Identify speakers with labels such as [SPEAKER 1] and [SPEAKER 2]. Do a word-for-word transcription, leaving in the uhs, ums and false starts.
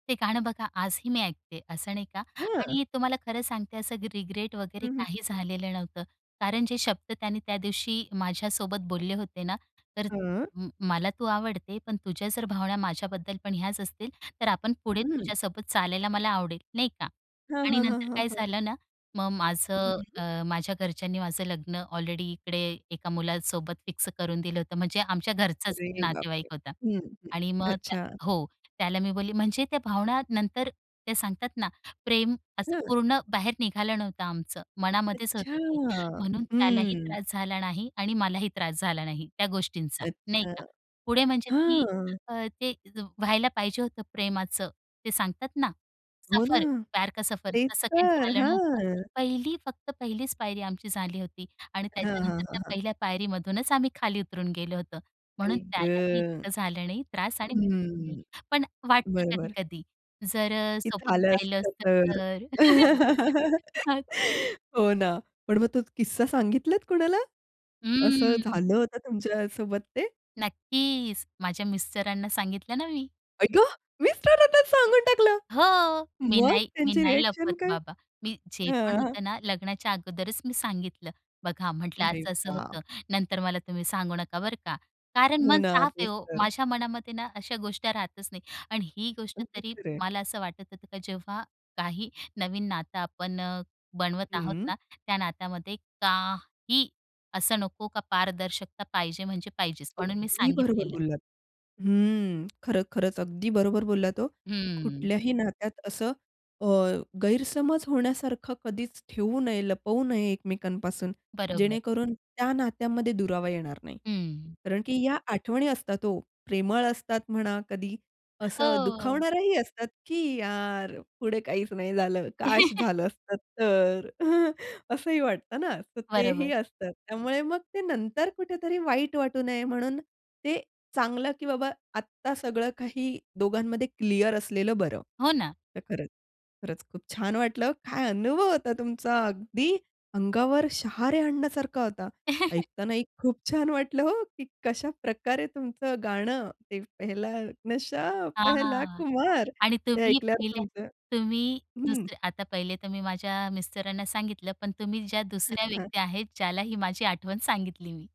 [SPEAKER 1] ते गाणं बघा आजही मी ऐकते असं नाही का
[SPEAKER 2] हं.
[SPEAKER 1] आणि तुम्हाला खरं सांगते असं ग रिग्रेट
[SPEAKER 2] हं,
[SPEAKER 1] वगैरे
[SPEAKER 2] हं, हं,
[SPEAKER 1] काही
[SPEAKER 2] हं.
[SPEAKER 1] झालेलं नव्हतं कारण जे शब्द त्यांनी त्या दिवशी माझ्यासोबत बोलले होते ना, तर
[SPEAKER 2] हां.
[SPEAKER 1] म मला तू आवडते, पण तुझ्या जर भावना माझ्याबद्दल पण ह्याच असतील, तर आपण पुढे
[SPEAKER 2] हं.
[SPEAKER 1] तुझ्यासोबत चालायला मला आवडेल, नाही का?
[SPEAKER 2] हां,
[SPEAKER 1] आणि
[SPEAKER 2] हां, हां,
[SPEAKER 1] नंतर
[SPEAKER 2] हां,
[SPEAKER 1] काय
[SPEAKER 2] हां.
[SPEAKER 1] झालं ना मग माझं
[SPEAKER 2] हं.
[SPEAKER 1] अ, माझ्या घरच्यांनी माझं लग्न ऑलरेडी इकडे एका मुलासोबत फिक्स करून दिलं होतं म्हणजे आमच्या घरचाच
[SPEAKER 2] अरे
[SPEAKER 1] नातेवाईक
[SPEAKER 2] बापरे!
[SPEAKER 1] होता
[SPEAKER 2] हं, हं.
[SPEAKER 1] आणि मग त्या
[SPEAKER 2] अच्छा.
[SPEAKER 1] हो, त्याला मी बोलली म्हणजे त्या भावना नंतर ते सांगतात ना प्रेम असं
[SPEAKER 2] हं.
[SPEAKER 1] पूर्ण बाहेर निघालं नव्हतं आमचं, मनामध्येच
[SPEAKER 2] अच्छा!
[SPEAKER 1] होतं ते, म्हणून त्यालाही
[SPEAKER 2] हं.
[SPEAKER 1] त्रास झाला नाही आणि मलाही त्रास झाला नाही त्या गोष्टींचा, नाही
[SPEAKER 2] अच्छा,
[SPEAKER 1] का. पुढे म्हणजे ती
[SPEAKER 2] हां.
[SPEAKER 1] अ, ते त व्हायला पाहिजे होतं प्रेमाचं ते सांगतात ना
[SPEAKER 2] हो ना.
[SPEAKER 1] सफर, प्यार का सफर
[SPEAKER 2] तेच
[SPEAKER 1] असं काही
[SPEAKER 2] तर.
[SPEAKER 1] झालं नव्हतं.
[SPEAKER 2] हां.
[SPEAKER 1] पहिली फक्त पहिलीच पायरी आमची झाली होती आणि
[SPEAKER 2] हां, हां,
[SPEAKER 1] त्याच्यानंतर
[SPEAKER 2] हां,
[SPEAKER 1] त्या
[SPEAKER 2] हां.
[SPEAKER 1] पहिल्या पायरीमधूनच आम्ही खाली उतरून गेलो होतो. म्हणून
[SPEAKER 2] आई ग!
[SPEAKER 1] त्यालाही इतकं झालं नाही त्रास आणि मलाही नाही.
[SPEAKER 2] हं,
[SPEAKER 1] पण वाटतं
[SPEAKER 2] बरोबर.
[SPEAKER 1] कधी-कधी जर अ,
[SPEAKER 2] की
[SPEAKER 1] सोबत
[SPEAKER 2] झालं
[SPEAKER 1] राहिलं
[SPEAKER 2] असतं
[SPEAKER 1] असतं
[SPEAKER 2] तर.
[SPEAKER 1] तर. मग
[SPEAKER 2] हो ना, पण मग तो किस्सा सांगितलात कुणाला? असं
[SPEAKER 1] ह्म्म्म.
[SPEAKER 2] झालं होतं तुमच्यासोबत ते?
[SPEAKER 1] नक्कीच माझ्या मिस्टरांना सांगितलं ना मी.
[SPEAKER 2] आई ग! मिस्टरांनाच सांगून टाकलं!
[SPEAKER 1] हो, मी
[SPEAKER 2] मग?
[SPEAKER 1] नाही मी
[SPEAKER 2] त्यांची
[SPEAKER 1] नाही
[SPEAKER 2] रिॲक्शन
[SPEAKER 1] लपवत
[SPEAKER 2] काय?
[SPEAKER 1] बाबा. मी जे पण
[SPEAKER 2] हां.
[SPEAKER 1] होतं ना लग्नाच्या अगोदरच मी सांगितलं. बघा म्हटलं
[SPEAKER 2] अरे
[SPEAKER 1] असं-असं
[SPEAKER 2] वाह!
[SPEAKER 1] होतं. नंतर मला तुम्ही सांगू नका, बरं का. कारण
[SPEAKER 2] हो
[SPEAKER 1] मन
[SPEAKER 2] ना,
[SPEAKER 1] साफ आहे
[SPEAKER 2] तेच
[SPEAKER 1] ओ.
[SPEAKER 2] तर.
[SPEAKER 1] माझ्या मनामध्ये ना अशा गोष्ट्या राहतच नाही. आणि ही गोष्ट
[SPEAKER 2] अगदी
[SPEAKER 1] तरी
[SPEAKER 2] खरंय.
[SPEAKER 1] मला असं वाटत होतं की जेव्हा काही नवीन नातं आपण अ, बनवत आहोत
[SPEAKER 2] हं.
[SPEAKER 1] ना, त्या नातामध्ये काही असं नको का पारदर्शकता पाहिजे म्हणजे पाहिजेच म्हणून मी
[SPEAKER 2] अगदी बरोबर
[SPEAKER 1] सांगितलेलं.
[SPEAKER 2] बोललात. हम्म, खर खरंच अगदी बरोबर बोललात हो, की
[SPEAKER 1] हम्म.
[SPEAKER 2] कुठल्याही नात्यात असं अ, गैरसमज होण्यासारखं कधीच ठेवू नये, लपवू नये एकमेकांपासून,
[SPEAKER 1] बरोबर.
[SPEAKER 2] जेणेकरून त्या नात्यांमध्ये दुरावा येणार नाही.
[SPEAKER 1] हं.
[SPEAKER 2] कारण की ह्या आठवणी असतात ओ, प्रेमळ असतात म्हणा कधी असं
[SPEAKER 1] हो.
[SPEAKER 2] दुखावणाऱ्याही असतात की "यार पुढे काहीच नाही झालं. काश झालं असतं तर" असंही वाटतं ना, तर तेही
[SPEAKER 1] बरोबर.
[SPEAKER 2] असतं. त्यामुळे मग ते नंतर कुठेतरी वाईट वाटू नये म्हणून ते चांगलं की बाबा आत्ता सगळं काही दोघांमध्ये क्लिअर असलेलं बरं.
[SPEAKER 1] हो ना.
[SPEAKER 2] तर खरंच, खरंच खूप छान वाटलं काय अनुभव होता तुमचा अगदी अंगावर शहारे आणण्यासारखा होता. ऐकतानाही खूप छान वाटलं हो, की कशाप्रकारे तुमचं गाणं, ते पहला नशा पहला
[SPEAKER 1] हां
[SPEAKER 2] खुमार,
[SPEAKER 1] आणि
[SPEAKER 2] ते
[SPEAKER 1] तुम्ही
[SPEAKER 2] ऐकल्यावर
[SPEAKER 1] पहिल्या
[SPEAKER 2] तुमचं
[SPEAKER 1] तुम्ही
[SPEAKER 2] हं.
[SPEAKER 1] दुसऱ्या आता पहिले तर मी माझ्या मिस्टरांना सांगितलं, पण तुम्ही ज्या
[SPEAKER 2] हं,
[SPEAKER 1] दुसऱ्या
[SPEAKER 2] हं.
[SPEAKER 1] व्यक्ती आहेत ज्याला ही माझी आठवण सांगितली मी.